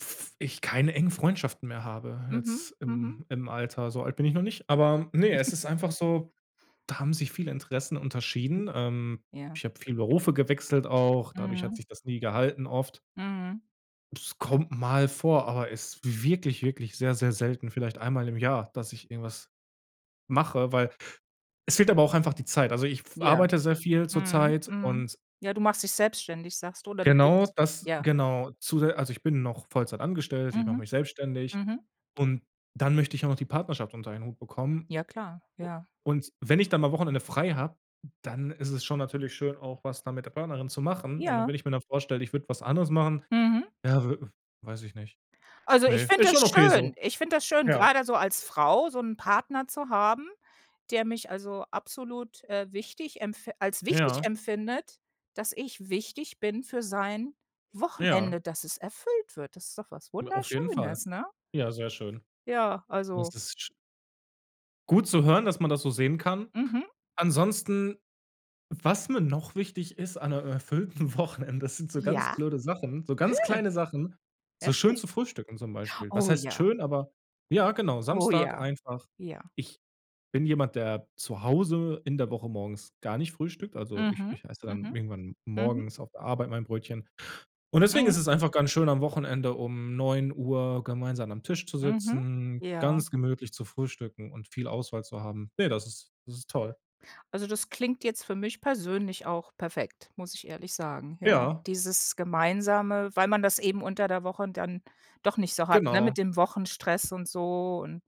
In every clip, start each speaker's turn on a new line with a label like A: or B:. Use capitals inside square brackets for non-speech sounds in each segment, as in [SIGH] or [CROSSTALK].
A: F ich keine engen Freundschaften mehr habe,
B: Mhm,
A: jetzt
B: mhm.
A: im im Alter. So alt bin ich noch nicht, aber ne, es
B: [CHUCKLES]
A: ist einfach so, da haben sich viele Interessen unterschieden. Ähm,
B: Ja.
A: ich habe viel Berufe gewechselt auch, dadurch hat
B: Mhm.
A: sich das nie gehalten oft.
B: Mhm.
A: Das kommt mal vor, aber ist wirklich, wirklich sehr, sehr selten, vielleicht einmal im Jahr, dass ich irgendwas mache, weil es fehlt aber auch einfach die Zeit. Also ich w f
B: Ja.
A: arbeite sehr viel
B: Mhm,
A: zurzeit
B: mhm.
A: und
B: Ja, du machst dich selbstständig, sagst du, oder du
A: Genau
B: bist?
A: das
B: Ja.
A: genau, zusä also, ich bin noch Vollzeit angestellt, ich mache
B: Mhm.
A: mich selbstständig
B: Mhm.
A: und dann möchte ich auch noch die Partnerschaft unter einen Hut bekommen.
B: Ja, klar.
A: U
B: Ja.
A: und wenn ich dann mal Wochenende frei habe, dann ist es schon natürlich schön, auch was da mit der Partnerin zu machen. Und
B: Ja.
A: wenn ich mir dann vorstelle, ich würde was anderes machen,
B: Mhm.
A: ja, w weiß ich nicht.
B: Also, ich
A: Ne,
B: finde
A: ist
B: das
A: schon okay
B: schön.
A: so.
B: Ich finde das schön,
A: Ja.
B: grade so als Frau so 'n Partner zu haben, der mich also, absolut, äh, wichtig empf als wichtig
A: Ja.
B: empfindet, dass ich wichtig bin für sein
A: Ja.
B: Wochenende, dass es erfüllt wird. Das ist doch was
A: Hm, auf jeden Fall.
B: Wunderschönes, ne?
A: Ja, sehr schön.
B: Ja,
A: Das
B: also
A: ist sch Gut zu hören, dass man das so sehen kann.
B: Mhm.
A: Ansonsten, was mir noch wichtig ist an 'ne, äh, erfüllten Wochenende, das sind so ganz
B: Ja?
A: blöde Sachen, so
B: Nö.
A: ganz kleine Sachen, so schön
B: Erzähl.
A: zu frühstücken zum Beispiel. Was
B: Oh,
A: heißt
B: ja.
A: schön, aber ja, genau,
B: Oh,
A: Samstag
B: ja.
A: einfach.
B: Ja.
A: Ich bin jemand, der zu Hause in der Woche morgens gar nicht frühstückt. Also, ich
B: Mhm.
A: ich esse dann
B: Mhm.
A: irgendwann
B: Mhm.
A: morgens auf der Arbeit mein Brötchen. Und deswegen
B: Mhm.
A: ist es einfach ganz schön, am Wochenende um 09:00 gemeinsam am Tisch zu
B: Mhm,
A: sitzen,
B: ja.
A: ganz gemütlich zu frühstücken und viel Auswahl zu haben. Ne, das ist das ist toll.
B: Also, das klingt jetzt für mich persönlich auch perfekt, muss ich ehrlich sagen, ja.
A: Ja.
B: Dieses Gemeinsame, weil man das eben unter der Woche dann doch nicht so hat, ne,
A: Genau.
B: mit dem Wochenstress und so. Und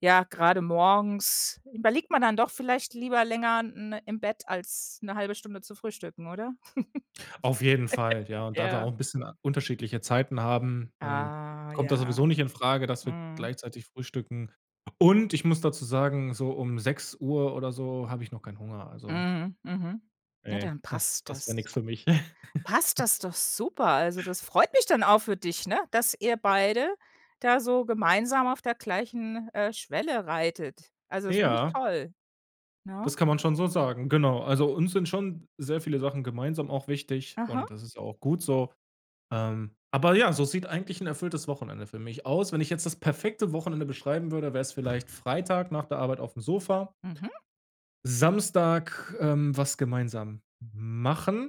B: ja, gerade morgens überliegt man dann doch vielleicht lieber länger, n ne im Bett als 'ne 172 Stunde zu frühstücken, oder?
A: Auf jeden Fall,
B: [GIGGLES]
A: ja. Und da wir auch
B: Ja.
A: 'n bisschen unterschiedliche Zeiten haben, ähm,
B: Ah,
A: kommt das
B: ja,
A: sowieso nicht infrage, dass wir
B: mhm.
A: gleichzeitig frühstücken. Und ich muss dazu sagen, so um 06:00 oder so habe ich noch keinen Hunger, also.
B: Mhm, mhm. Ja,
A: Ne,
B: dann
A: das
B: passt
A: das wär
B: das.
A: nix für mich.
B: Passt
A: [CHUCKLES]
B: das doch super. Also, das freut mich dann auch für dich, ne, dass ihr beide da so gemeinsam auf der gleichen, äh, Schwelle reitet. Also, das finde ich
A: Ja.
B: toll, ne?
A: Das kann man schon so sagen. Genau, also, uns sind schon sehr viele Sachen gemeinsam auch wichtig,
B: Aha.
A: und das ist ja auch gut so. Ähm, aber ja, so sieht eigentlich 'n erfülltes Wochenende für mich aus. Wenn ich jetzt das perfekte Wochenende beschreiben würde, wär's vielleicht Freitag nach der Arbeit aufm Sofa.
B: Mhm.
A: Samstag, ähm, was gemeinsam m machen.